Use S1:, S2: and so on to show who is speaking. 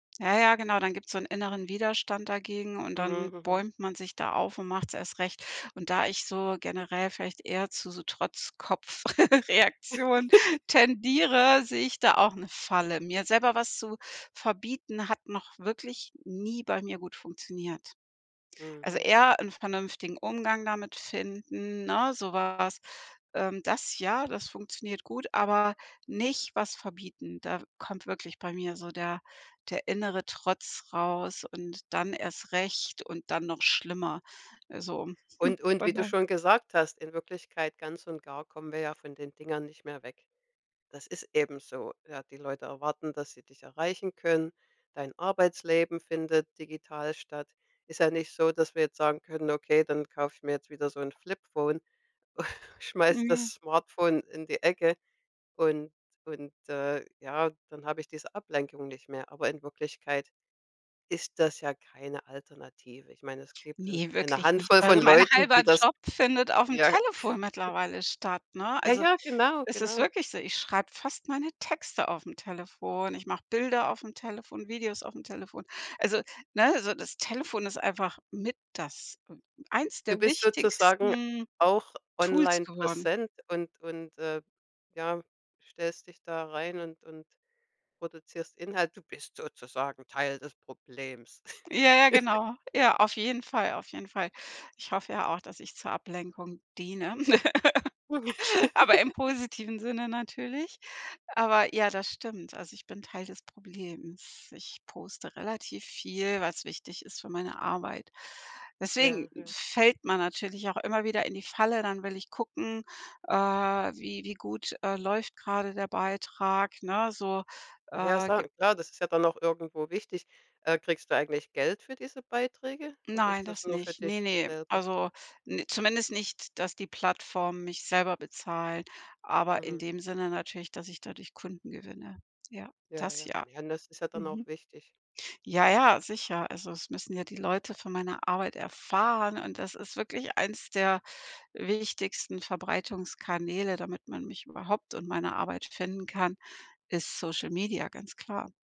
S1: Ja, ja, genau, dann gibt's so 'n inneren Widerstand dagegen und
S2: Mhm.
S1: dann
S2: Mhm.
S1: bäumt man sich da auf und macht's erst recht. Und da ich so generell vielleicht eher zu so Trotzkopf Reaktion tendiere, sehe ich da auch 'ne Falle. Mir selber was zu verbieten, hat noch wirklich nie bei mir gut funktioniert. Also
S2: Mhm.
S1: eher 'n vernünftigen Umgang damit finden, ne? So was. Ähm, das ja, das funktioniert gut, aber nicht was verbieten. Da kommt wirklich bei mir so der der innere Trotz raus und dann erst recht und dann noch schlimmer. Also, hm,
S2: Und und wie
S1: von
S2: du
S1: da
S2: schon gesagt hast, in Wirklichkeit ganz und gar kommen wir ja von den Dingern nicht mehr weg. Das ist eben so, ja? Die Leute erwarten, dass sie dich erreichen können. Dein Arbeitsleben findet digital statt. Ist ja nicht so, dass wir jetzt sagen können: „Okay, dann kauf ich mir jetzt wieder so 'n Flip-phone, schmeiß
S1: Mhm.
S2: das Smartphone in die Ecke und und, äh, ja, dann hab ich diese Ablenkung nicht mehr.“ Aber in Wirklichkeit ist das ja keine Alternative. Ich mein, es gibt, äh,
S1: Ne,
S2: eine
S1: wirklich nicht.
S2: Handvoll
S1: Also
S2: von
S1: mein
S2: Leuten,
S1: 1/2
S2: die das
S1: Job findet aufm
S2: ja.
S1: Telefon mittlerweile statt, ne?
S2: Ja,
S1: Also,
S2: ja, genau,
S1: es ist
S2: genau.
S1: wirklich so. Ich schreib fast meine Texte aufm Telefon. Ich mach Bilder aufm Telefon, Videos aufm Telefon. Also, ne? So das Telefon ist einfach mit das eins
S2: Du
S1: der
S2: bist sozusagen
S1: wichtigsten,
S2: auch
S1: Tools
S2: online
S1: geworden.
S2: präsent und und, äh, ja, stellst dich da rein und und produzierst Inhalt. Du bist sozusagen Teil des Problems.
S1: Ja, ja, genau. Ja, auf jeden Fall, auf jeden Fall. Ich hoffe ja auch, dass ich zur Ablenkung diene, aber im positiven Sinne natürlich. Aber ja, das stimmt. Also, ich bin Teil des Problems. Ich poste relativ viel, weil's wichtig ist für meine Arbeit. Deswegen
S2: Ja. Ja.
S1: fällt man natürlich auch immer wieder in die Falle. Dann will ich gucken, äh, wie wie gut, äh, läuft gerade der Beitrag, ne? So,
S2: Ja,
S1: äh,
S2: sa
S1: gib
S2: klar, das ist ja dann auch irgendwo wichtig. Äh, kriegst du eigentlich Geld für diese Beiträge oder
S1: Nein,
S2: ist das
S1: das
S2: nur für
S1: nicht. Ne,
S2: dich
S1: ne.
S2: selber?
S1: Also n zumindest nicht, dass die Plattformen mich selber bezahlen, aber in
S2: Mhm.
S1: dem Sinne natürlich, dass ich dadurch Kunden gewinne. Ja,
S2: Ja,
S1: das
S2: ja.
S1: ja.
S2: Ja, ne? Das ist ja dann auch
S1: Mhm.
S2: wichtig.
S1: Ja, ja, sicher. Also, es müssen ja die Leute von meiner Arbeit erfahren und das ist wirklich eins der wichtigsten Verbreitungskanäle, damit man mich überhaupt und meine Arbeit finden kann ist Social Media, ganz klar.